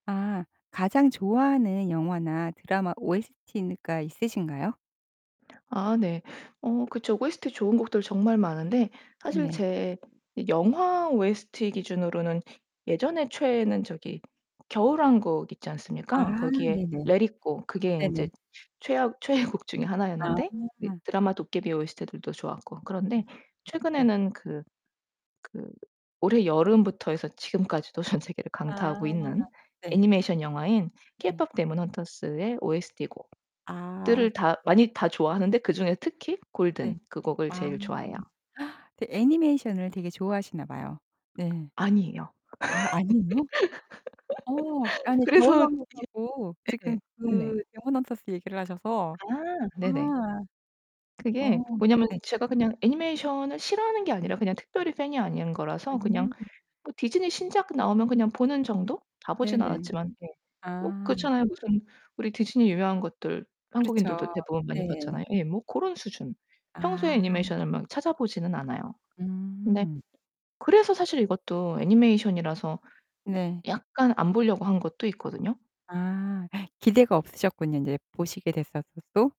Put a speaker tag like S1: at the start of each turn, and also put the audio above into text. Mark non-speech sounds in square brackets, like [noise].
S1: 아. 가장 좋아하는 영화나 드라마 OST가 있으신가요?
S2: 아 네. 어 그쵸. OST 좋은 곡들 정말 많은데 사실
S1: 네네.
S2: 제 영화 OST 기준으로는 예전에 최애는 저기 겨울왕국 있지 않습니까?
S1: 아
S2: 거기에
S1: 네네.
S2: Let It Go 그게
S1: 네네.
S2: 인제 최악 최애곡 중의
S1: 아.
S2: 하나였는데 그 드라마 도깨비 OST들도 좋았고. 그런데
S1: 음.음 네.
S2: 최근에는 그 그 올해 여름부터 해서 지금까지도 전 세계를 강타하고
S1: 아.
S2: 있는
S1: 네.
S2: 애니메이션 영화인
S1: 네.
S2: KPop Demon Hunters의 OST 곡
S1: 아.
S2: 들을 다 많이 다 좋아하는데 그중에 특히 Golden
S1: 네.
S2: 그 곡을
S1: 아.
S2: 제일 좋아해요.
S1: [gasps] 그 애니메이션을 되게 좋아하시나 봐요. 네.
S2: 아니에요.
S1: 아 아니에요? 어
S2: [laughs]
S1: 아니
S2: 그래서 여
S1: 겨울왕국하고 지금
S2: 예네. 응네.
S1: 그 Demon Hunters 얘기를 하셔서
S2: 아
S1: 아.
S2: 네네.
S1: 어
S2: 그게 뭐냐면
S1: 네.
S2: 제가 그냥 애니메이션을 싫어하는 게 아니라 그냥 특별히 fan이 아닌 거라서 그냥
S1: 음.
S2: 뭐 디즈니 신작 나오면 그냥 보는 정도? 다 보진
S1: 네네.
S2: 않았지만. 네. 뭐
S1: 아.
S2: 그렇잖아요. 무슨 우리 디즈니 유명한 것들 한국인들도
S1: 그렇죠.
S2: 대부분 많이
S1: 네.
S2: 봤잖아요. 예. 뭐 고런 수준. 평소에
S1: 아.
S2: 애니메이션을 막 찾아 보지는 않아요. 근데
S1: 음.
S2: 그래서 사실 이것도 애니메이션이라서
S1: 네.
S2: 약간 안 보려고 한 것도 있거든요.
S1: 아 기대가 없으셨군요. 인제 보시게 됐었어도.